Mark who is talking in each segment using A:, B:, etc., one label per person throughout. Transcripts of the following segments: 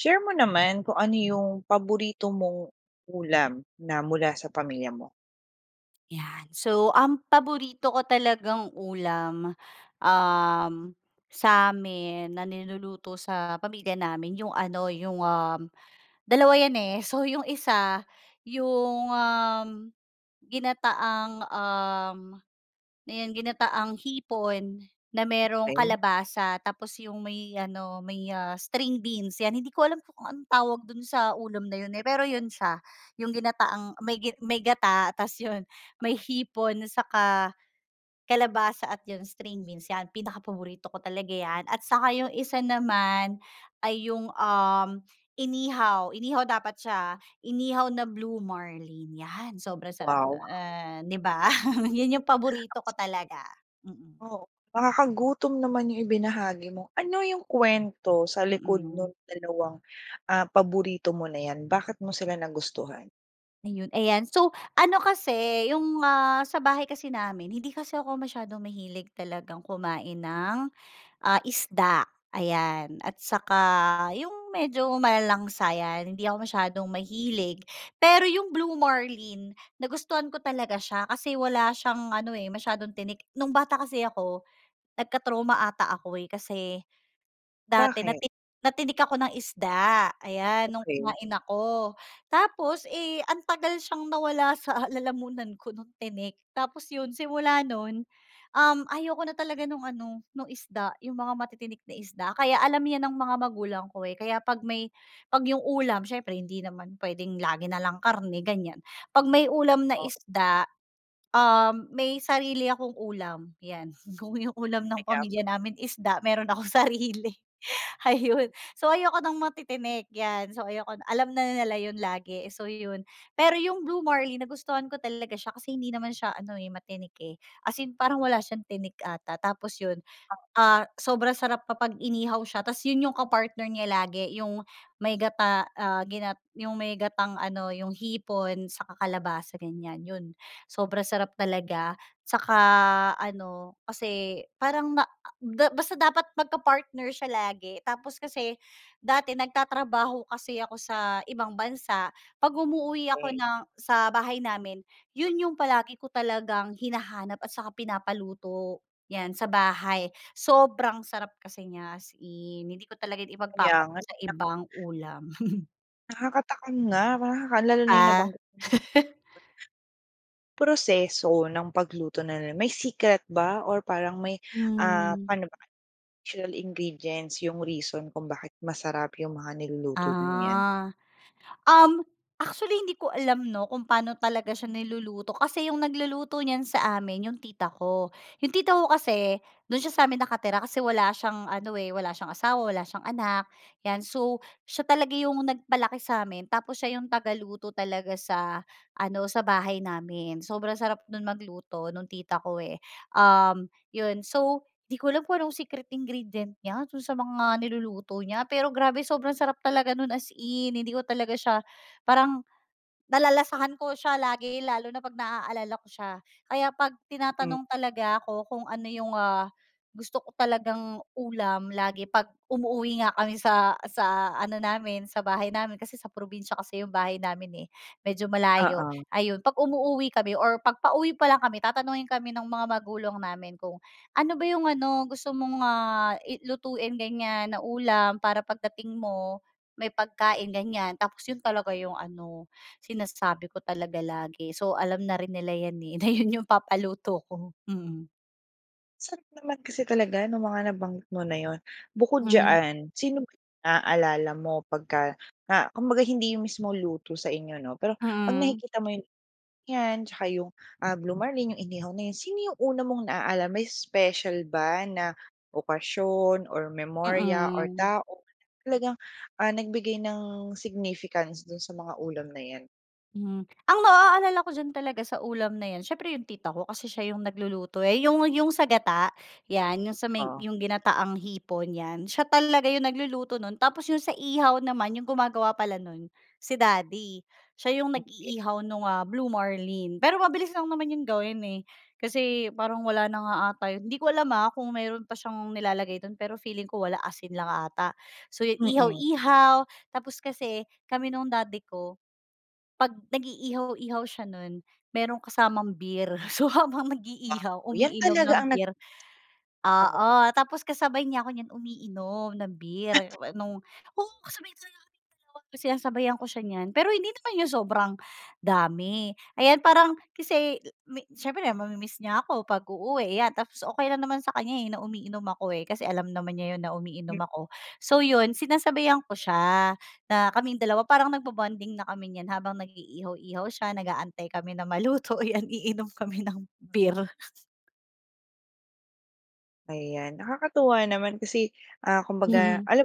A: Share mo naman kung ano 'yung paborito mong ulam na mula sa pamilya mo.
B: 'Yan, so ang paborito ko talagang ulam, uhm, sa amin na niluluto sa pamilya namin 'yung ano 'yung, um, dalawa 'yan, eh, so 'yung isa 'yung, um, ginataang, um, ano 'yon ginataang hipon na merong
A: Okey.
B: kalabasa tapos 'yung may ano may, ah, string beans 'yan. Hindi ko alam kung anong tawag do'n sa ulam na 'yun, eh, pero 'yun siya 'yung ginataang may may gata tapos 'yun may hipon, tsaka kalabasa at 'yung string beans, 'yan pinakapaborito ko talaga 'yan. At saka 'yung isa naman ay 'yung, um, inihaw, inihaw dapat siya, ah, inihaw na blue marlin 'yan sobrang sarap,
A: Wow!
B: ah, 'di ba, 'yun 'yung paborito ko talaga, mm.
A: Oh, nakakagutom naman 'yung ibinahagi mo, ano 'yung kuwento sa likod
B: Mhm.
A: nung dalawang, ah, paborito mo na 'yan, bakit mo sila nagustuhan?
B: Ayun ayan, so, ano kasi, yung ah, sa bahay kasi namin, hindi kasi ako masyadong mahilig talagang kumain ng, ah, isda, ayan, at saka yung medyo malalangsa yan, hindi ako masyadong mahilig pero yung Blue Marlin, nagustuhan ko talaga siya kasi wala siyang ano eh, masyadong tinik. Nung bata kasi ako, nagka-trauma ata ako eh, kasi, dati
A: Bakit?
B: natik natinik ako ng isda, ayan, nung
A: Okey.
B: kumain ako, tapos eh, ang tagal siyang nawala sa lalamunan ko nung tinik tapos yun simula nun, um, ayoko na talaga nung ano, nung isda, yung mga matitinik na isda kaya alam yan ng mga magulang ko eh, kaya pag may, pag yung ulam siyempre hindi naman pwedeng lagi nalang karne ganyan, pag may ulam na
A: O
B: isda, um, may sarili akong ulam, yan, kung yung ulam ng
A: Kaya p
B: pamilya namin isda meron akong sarili, ayun so ayoko ng matitinik yan, so ayoko na alam na nila yun lagi eh, so yun, pero yung Blue Marlin nagustuhan ko talaga siya kasi hindi naman siya ano eh, matinik eh, as in parang wala siyang tinik ata tapos yun, ah, sobrang sarap kapag inihaw siya tapos yun yung ka-partner niya lagi yung, may gata ah, ginat yung may gatang ano, yung hipon, saka kalabasa ganyan yun sobrang sarap talaga, saka ano, kasi, parang ma a da basta dapat magka-partner siya lagi tapos kasi, dati nagtatrabaho kasi ako sa ibang bansa, pag umuuwi ako
A: Pahi
B: ng sa bahay namin yun yung palagi ko talagang hinahanap at saka pinapaluto, yan sa bahay, sobrang sarap kasi niya as in, hindi ko talaga yan
A: Kaya
B: ipag-papalit
A: nga
B: sa
A: ilak
B: ibang ulam.
A: Nakaka-takam nga, nakaka lalo na
B: Ah.
A: nabanggit mo. Proseso ng pagluto na may secret ba, or parang may, ah,
B: Hmm.
A: pano ba, natural ingredients yung reason kung bakit masarap yung mga niluluto niyong yan?
B: Ah, um, actually hindi ko alam 'no kung paano talaga siya niluluto kasi 'yong nagluluto niyan sa amin 'yong tita ko. Yung tita ko kasi, do'n siya sa amin nakatira kasi wala siyang ano, eh, wala siyang asawa, wala siyang anak, 'yan so, siya talaga 'yong nag-palaki sa amin tapos siya 'yong tagaluto talaga sa ano, sa bahay namin, sobrang sarap no'n mag-luto nung tita ko, eh, um, yon so, 'di ko alam kung anong secret ingredient niya do'n sa mga niluluto niya pero grabe sobrang sarap talaga no'n as in, hindi ko talaga siya parang, nalalasahan ko siya lagi lalo na pag na-aalala ko siya. Kaya pag
A: Hmm.
B: tinatanong talaga ako kung ano yung, ah, gusto ko talagang ulam lagi pag umuuwi nga kami sa sa ano namin sa bahay namin, kasi sa probinsiya kasi yung bahay namin, eh, medyo malayo,
A: Oo.
B: ayon 'pag umuuwi kami or pag pauwi pa lang kami tatanungin kami ng mga magulang namin kung ano ba 'yong ano, gusto mong ah, i lutuin ganyan na ulam para pagdating mo, may pagkain ganyan, tapos 'yon talaga 'yong ano, sinasabi ko talaga lagi so alam na rin nila 'yan eh, na 'yon 'yong papaluto ko, mm.
A: Sarap naman kasi talaga nung mga nabanggit mo na yun. Bukod
B: Mhm.
A: diyan, sino ba yung na-aalala mo pagka na kumbaga hindi yung mismo luto sa inyo 'no pero pag
B: Mm.
A: nakikita mo yung, yan tsaka yung ah, Blue Marlin yung inihaw na yun sino yung una mong na-aalala may special ba na okasyon, or memorya or
B: Mm.
A: tao na talagang ah, nagbigay ng significance dun sa mga ulam na yan?
B: Mhm, ang ma-aaalala ko diyan talaga sa ulam na 'yan siyempre 'yong tita ko, kasi siya 'yong nagluluto eh, 'Yong 'yong sa gata, 'yan, 'yong sa may
A: Oo.
B: 'yong ginataang hipon 'yan, siya talaga 'yong nagluluto no'n, tapos 'yong sa ihaw naman 'yong gumagawa pala no'n, si daddy. Siya 'yong
A: Okey.
B: nag-iihaw nung ah, Blue Marlin, pero mabilis lang naman 'yong gawin eh. Kasi, parang wala na nga 'ata 'yon, hindi ko alam ah, kung mayro'n pa siyang nilalagay do'n pero feeling ko wala asin lang 'ata. So yu
A: Mm.
B: ihaw-ihaw tapos kasi, kami nung daddy ko, pag nag-iihaw-ihaw siya nun, merong kasamang beer. So habang nag-iihaw
A: Yan
B: umiinom
A: talaga
B: ng
A: ang nag
B: beer oo
A: Oo.
B: tapos kasabay nya ako niyan umiinom ng beer, oh eh, 'nong kung ko sabihin sa'yo kung sinasabayan ko siya niyan, pero hindi naman yung sobrang dami. Ayan parang, kasi i me siyempre na ma-mimiss niya ako 'pag uuwi, iyan, tapos okey lang naman sa kanya eh, na umiinom ako eh, kasi alam naman niya 'yon na umiinom ako. So yun, sinasabihan ko siya, na kaming dalawa parang nag-ba-bonding na kami niyan habang nag-iihaw-ihaw siya, nag-aantay kami na maluto iyan iinom kami ng beer
A: Ayan, nakakatuwa naman kasi, ah, kumbaga,
B: Hmm.
A: alam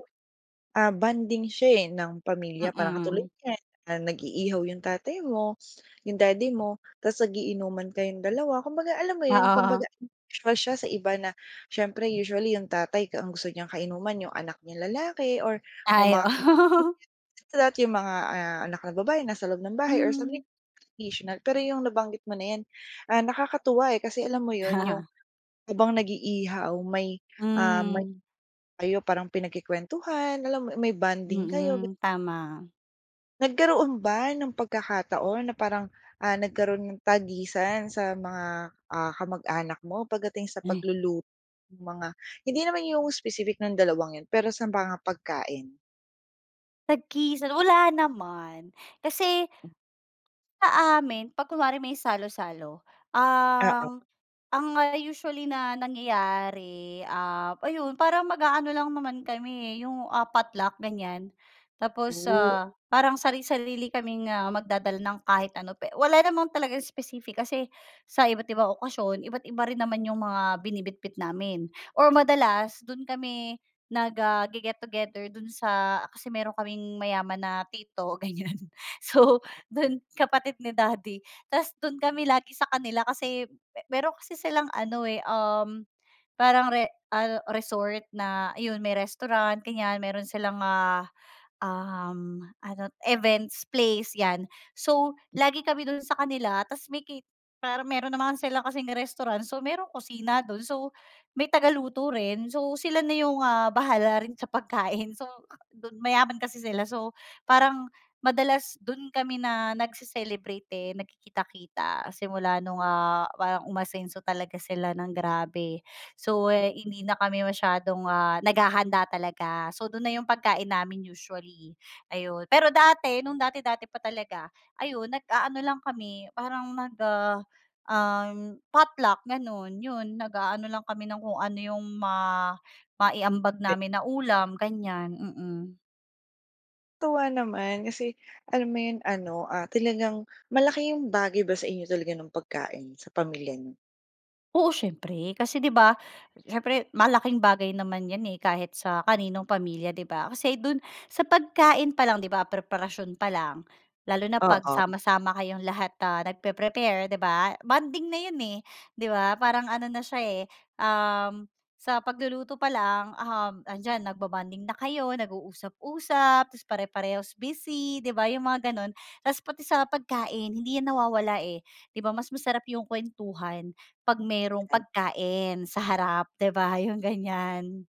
A: ah, bonding siya, eh, ng pamilya parang katulad
B: Mm.
A: niyan, nag-iihaw 'yong tatay mo, 'yong daddy mo, tapos nag-iinuman ka 'yong dalawa kumbaga alam mo 'yon kumbaga,
B: Oo.
A: isa siya sa iba na siyempre usually 'yong tatay ang gusto niyang kainuman 'yong anak niyang lalaki or kung
B: Ay
A: mga
B: oo.
A: [unintelligible] sa dati yung mga anak na babae nasa loob ng bahay or sa
B: Hmm.
A: [unintelligible] tradisyonal pero yung nabanggit mo na yan, ah, nakakatuwa, eh, kasi alam mo yun yung habang nag-iihaw may, ah, may ay parang pinagkukuwentuhan alam mo may bonding kayo ga
B: Mm, tama.
A: Nagkaroon ba ng pagkakataon na parang ah, nagkaroon ng tagisan sa mga, ah, kamag-anak mo pagdating sa
B: Ay.
A: pagluluto ng mga, hindi naman yung specific ng dalawang yun pero sa mga pagkain?
B: Tagisan? Wala naman. Kasi, sa amin, pag kunwari may salo-salo,
A: Oo.
B: ang ang ah, usually na nangyayari, ah, ayun parang mag-aano lang naman kami eh, yung, ah, potluck ganyan. Tapos,
A: Oh.
B: ah, parang sari-sarili kaming magdadala ng kahit ano pe wala naman talagang specific kasi, sa iba't-ibang okasyon iba't-iba rin naman yung mga binibitbit namin, or madalas, dun kami nag, ah, ge-get together dun sa kasi meron kaming mayaman na tito ganyan so dun kapatid ni daddy tapos dun kami lagi sa kanila kasi, pero kasi silang ano eh, um, parang re ah, resort na yun may restaurant ganyan meron silang, ah, um, ano events place yan. So, lagi kami dun sa kanila tapos may cate pero meron naman sila kasing restaurant so may kusina dun so, may taga-luto rin so sila na yung, ah, bahala rin sa pagkain so mayaman kasi sila so parang madalas dun kami na nagce-celebrate, eh, nagkikita-kita simula nung, ah, parang umasenso talaga sila ng grabe. So, hindi na kami masyadong, ah, naghahanda talaga so dun na yung pagkain namin usually, ayun, pero dati, nung dati-dati pa talaga ayun, nag-aano lang kami, parang nag, ah, potluck gano'n 'yon nag-aano lang kami ng kung ano yung ma maiambag
A: Te
B: namin na ulam ganyan, mm.
A: Tuwa naman, kasi, alam mo ’yon, ano ah, talagang malaki ’yong bagay ba sa inyo talaga no'ng pagkain, sa pamilya niyo?
B: Oo, siyempre, kasi ’di ba, siyempre, malaking bagay naman ’yan eh, kahit sa kaninong pamilya, ’di ba? Kasi do’n, sa pagkain pa lang, ’di ba, preparasyon pa lang, lalo na ’pag
A: Oo.
B: sama-sama kayong lahat na nag-preprepare, ’di ba? Bonding na ’yon eh, ’di ba? Parang ano na siya eh, um, sa pagluluto pa lang, um, ’andiyan nag-bobonding na kayo, nag-uusap-usap, tapos pare-parehas busy, ’di ba, 'yong mga gano'n. Tapos pati sa pagkain, hindi ’yan nawawala, eh. ’Di ba, mas masarap 'yong kwentuhan, 'pag merong
A: And.
B: pagkain, sa harap, ’di ba, yong ganyan.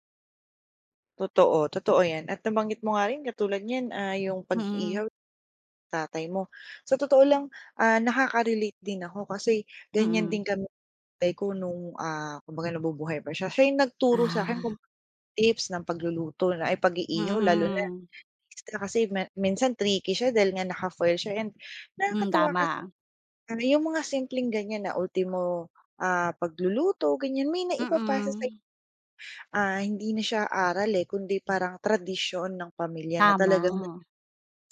A: Totoo, totoo ’yan, at nabanggit mo nga rin katulad niyan, ah, 'yong
B: Mm.
A: pag-iihaw tatay mo. Sa totoo lang, ah, nakaka-relate din ako, kasi, ganyan
B: Mm.
A: din kami no’ng tatay ko no'ng, ah, kumbaga nabubuhay pa siya, siya 'yong nagturo sa akin kung
B: Ah.
A: tips ng pagluluto na, ay, pag-iihaw lalo na
B: Mhm.
A: extra kasi me minsan tricky siya dahil nga naka-foil siya and
B: Mm,
A: nakakatuwa kasi
B: tama.
A: ano ’yong mga simpleng ganyan na ultimo, ah, pagluluto ganyan, may naipapasa sa'yo.
B: Mm.
A: Ah, hindi na siya aral eh, kundi parang tradisyon ng pamilya na talagang na
B: Tama.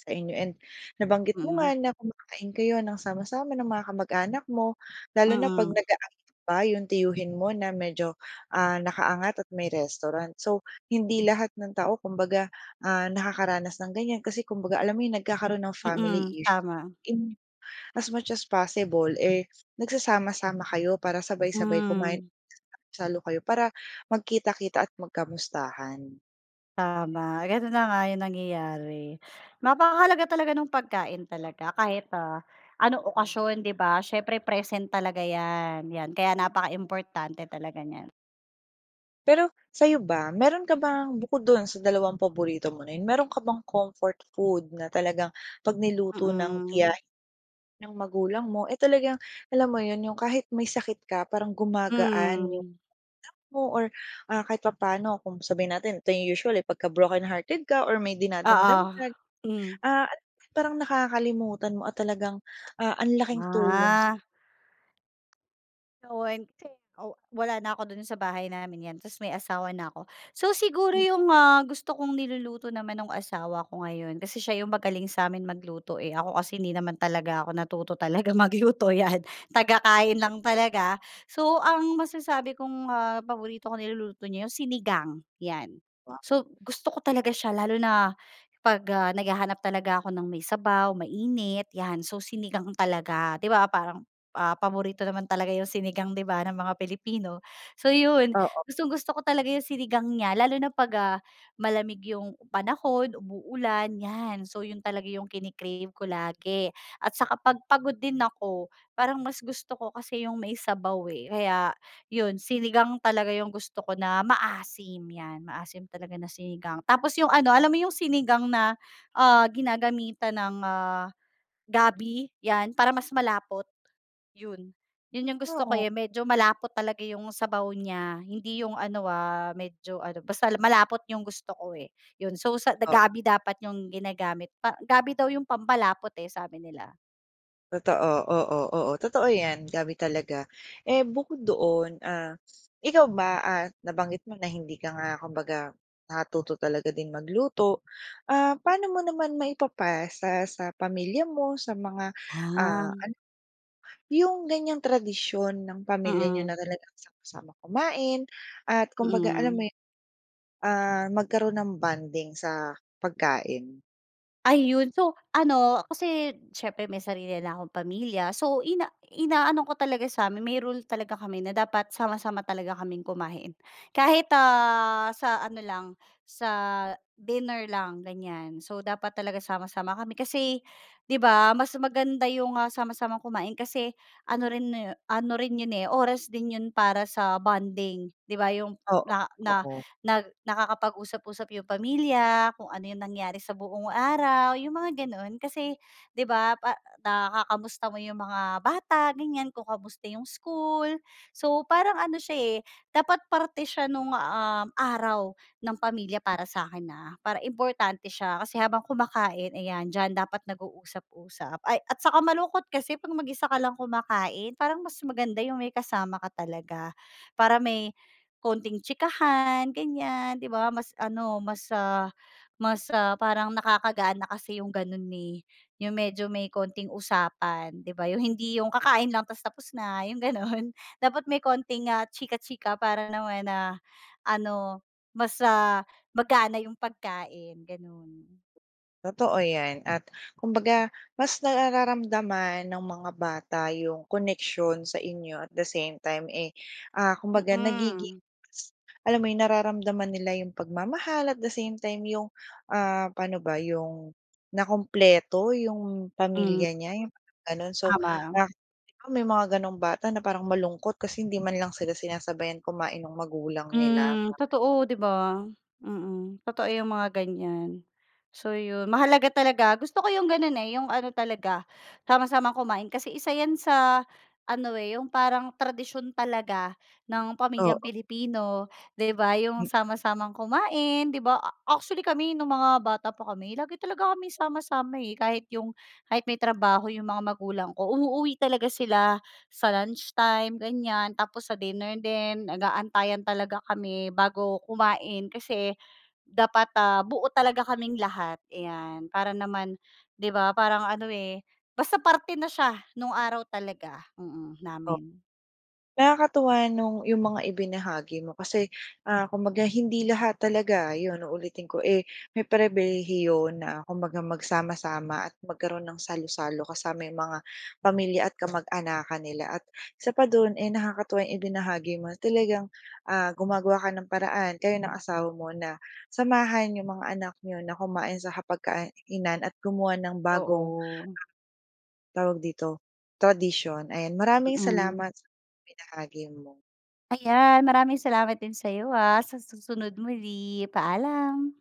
A: sa inyo and nabanggit mo
B: Mm.
A: nga na kumakain kayo ng sama-sama ng mga kamag-anak mo, lalo na ’pag
B: Mm.
A: nag-aaya ba ’yong tiyuhin mo na medyo, ah, naka-angat at may restaurant so, hindi lahat ng tao kumbaga, ah, nakakaranas ng ganyan kasi, kumbaga, alam mo ’yon, nagkakaroon ng family
B: Mm,
A: issue.
B: tama.
A: And as much as possible, eh, nagsasama-sama kayo para sabay-sabay kumain,
B: Hmm.
A: nagsasalo-salo kayo para magkita-kita at magkamustahan.
B: Tama, gano'n na nga, 'yung nangyayari. Napakahalaga talaga ng pagkain talaga kahit, ah, anong okasyon, 'di ba? Siyempre present talaga 'yan 'yan kaya napakaimportante talaga niyan.
A: Pero sa'yo ba meron ka bang bukod do'n sa dalawang paborito mo na 'yun, meron ka bang comfort food na talagang pag niluto ng
B: Mm.
A: tiyahin mo, ng magulang mo, eh, talagang alam mo 'yun, 'yung kahit may sakit ka parang gumagaan 'yung
B: Hmm.
A: moood mo or ah, kahit papaano kung sabihin natin ito 'yung usual, eh, pagka broken hearted ka or may dinadamdam
B: Oo,
A: ka,
B: hmm.
A: ah, alam mo, parang nakakalimutan mo at talagang, ah, ang laking tulong.
B: Ah. [unintelligible] Oh, wala na ako do'n sa bahay namin 'yan tapos may asawa na ako. So siguro
A: Hmm.
B: 'yung, ah, gusto kong niluluto naman no'ng asawa ko ngayon kasi siya 'yung magaling sa amin magluto, eh, ako kasi hindi naman talaga ako natuto talaga magluto, 'yan, tagakain lang talaga. So ang masasabi kong, ah, paborito kong niluluto niya 'yung sinigang 'yan,
A: Ah.
B: so gusto ko talaga siya, lalo na pag, ah, naghahanap talaga ako ng may sabaw mainit 'yan, so sinigang talaga di ba, parang, ah, paborito naman talaga 'yung sinigang di ba, ng mga Pilipino. So 'yun,
A: Oo.
B: gustong-gusto ko talaga 'yung sinigang niya lalo na pag, ah, malamig 'yung panahon, umuulan 'yan, so 'yun talaga 'yung kini-crave ko lagi at saka pag pagod din ako, parang mas gusto ko kasi 'yung may sabaw, eh. Kaya 'yun sinigang talaga 'yung gusto ko na maasim 'yan maasim talaga na sinigang, tapos 'yung ano, alam mo 'yung sinigang na, ah, ginagamitan ng, ah, gabi 'yan para mas malapot 'yun, 'yun 'yung gusto ko,
A: Oo.
B: eh, medyo malapot talaga 'yung sabaw niya hindi 'yung ano, ah, medyo ano, basta malapot 'yung gusto ko, eh, 'yun so
A: Oo.
B: gabi dapat 'yung ginagamit, pa gabi daw 'yung pampalapot, eh, sabi nila.
A: Totoo, oo, oo, totoo yan. Dami talaga, eh bukod doon ah ikaw ba ah nabanggit mo na hindi ka nga kumbaga natuto talaga din magluto ah, paano mo naman maipapasa sa pamilya mo sa mga
B: Ah.
A: ano yung ganyang tradisyon ng pamilya niyo na talaga sama-sama kumain at kumbaga alam mo
B: Mhm.
A: ah magkaroon ng bonding sa pagkain?
B: Ay 'yon so ano kasi siyempre may sarili na akong pamilya so ina inaano ko talaga sa amin may rule talaga kami na dapat sama-sama talaga kaming kumain. Kahit ah, sa ano lang sa dinner lang ganyan, so dapat talaga sama-sama kami. Kasi 'di 'ba mas maganda 'yong sama-samang kumain kasi ano rin ano rin 'yon oras din 'yon para sa bonding 'di 'ba yung
A: Oo,
B: na na
A: oo.
B: na nakakapag-usap-usap yung pamilya kung ano yung nangyari sa buong araw yung mga ganun. Kasi 'di 'ba nakakamusta mo yung mga bata ganyan kung kamusta yung school so parang ano siya eh dapat parte siya nung uhm araw ng pamilya para sakin ah para importante siya kasi habang kumakain ayan dyan dapat nag-usap-usap ay at saka malungkot kasi kapag mag-isa ka lang kumakain parang mas maganda yung may kasama ka talaga. Para may konting tsikahan ganyan 'di ba mas ano mas ah mas parang nakakagaan na kasi yung ganun eh yung medyo may konting usapan 'di ba yung hindi yung kakain lang tapos tapos na yung ganun. Dapat may konting nga tsika-tsika para naman na ano mas ah magana yung pagkain, ganun.
A: Totoo 'yan at kumbaga mas nararamdaman ng mga bata 'yong connection sa inyo at the same time eh, ah kumbaga nagiging
B: Mhm.
A: alam mo nararamdaman nila 'yong pagmamahal at the same time 'yong ah paano ba 'yong nakumpleto 'yong pamilya niya 'yong ganon. So may mga ganong bata na parang malungkot kasi hindi man lang sila sinasabayan kumain ng magulang nila.
B: Mhm. Totoo 'di 'ba. Mhm. Totoo yung mga ganyan. So, 'yon mahalaga talaga gusto ko yung ganun eh yung ano talaga sama-samang kumain kasi isa yan sa ano eh yung parang tradisyon talaga ng pamilyang
A: Oo.
B: Pilipino 'di 'ba 'yong sama-samang kumain 'di 'ba. Actually kami nung mga bata pa kami lagi talaga kami sama-sama kahit yung, kahit may trabaho yung mga magulang ko uuwi talaga sila sa lunch time ganyan, tapos sa dinner din nag-aantayan talaga kami bago kumain kasi dapat ah buo talaga kaming lahat iyan. Para naman 'di ba parang ano eh basta parte na siya nung araw talaga namin.
A: Nakakatuwa nung yung mga ibinahagi mo kasi ah kumbaga hindi lahat talaga yun uulitin ko eh may pribilehiyo na kumbaga magsama-sama at magkaroon ng salo-salo kasama mga pamilya at kamag-anakan nila at isa pa dun eh nakakatuwa yung ibinahagi mo talagang ah gumagawa ka ng paraan kayo ng asawa mo na samahan yung mga anak niyo na kumain sa hapag-kainan at gumawa ng bagong,
B: Oo.
A: tawag dito tradisyon. Ayan, maraming
B: Mhm.
A: salamat sa ibinahagi mo.
B: Ayan maraming salamat din sayo ah sa susunod muli. Paalam.